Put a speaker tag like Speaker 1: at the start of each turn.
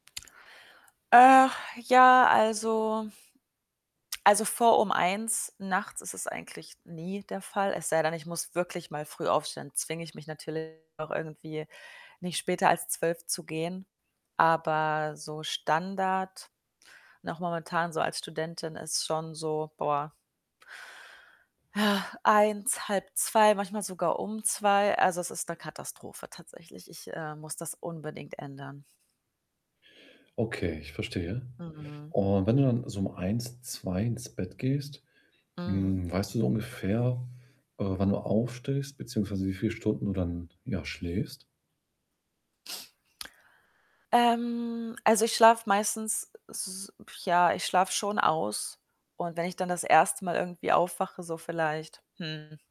Speaker 1: Äh, ja, also Also, vor um 1:00 nachts ist es eigentlich nie der Fall. Es sei denn, ich muss wirklich mal früh aufstehen, zwinge ich mich natürlich auch irgendwie, nicht später als 12:00 zu gehen. Aber so Standard, auch momentan so als Studentin ist schon so, boah 1:00, 1:30, manchmal sogar um 2:00. Also, es ist 'ne Katastrophe tatsächlich. Ich, äh, muss das unbedingt ändern.
Speaker 2: Okay, ich verstehe.
Speaker 1: Mhm.
Speaker 2: Und wenn du dann so um 1:00, 2:00 ins Bett gehst,
Speaker 1: Mhm.
Speaker 2: hm, weißt du so ungefähr, äh, wann du aufstehst, beziehungsweise wie viele Stunden du dann, ja, schläfst?
Speaker 1: Ähm, also, ich schlafe meistens, s ja, ich schlafe schon aus und wenn ich dann das 1. Mal irgendwie aufwache, so vielleicht, hm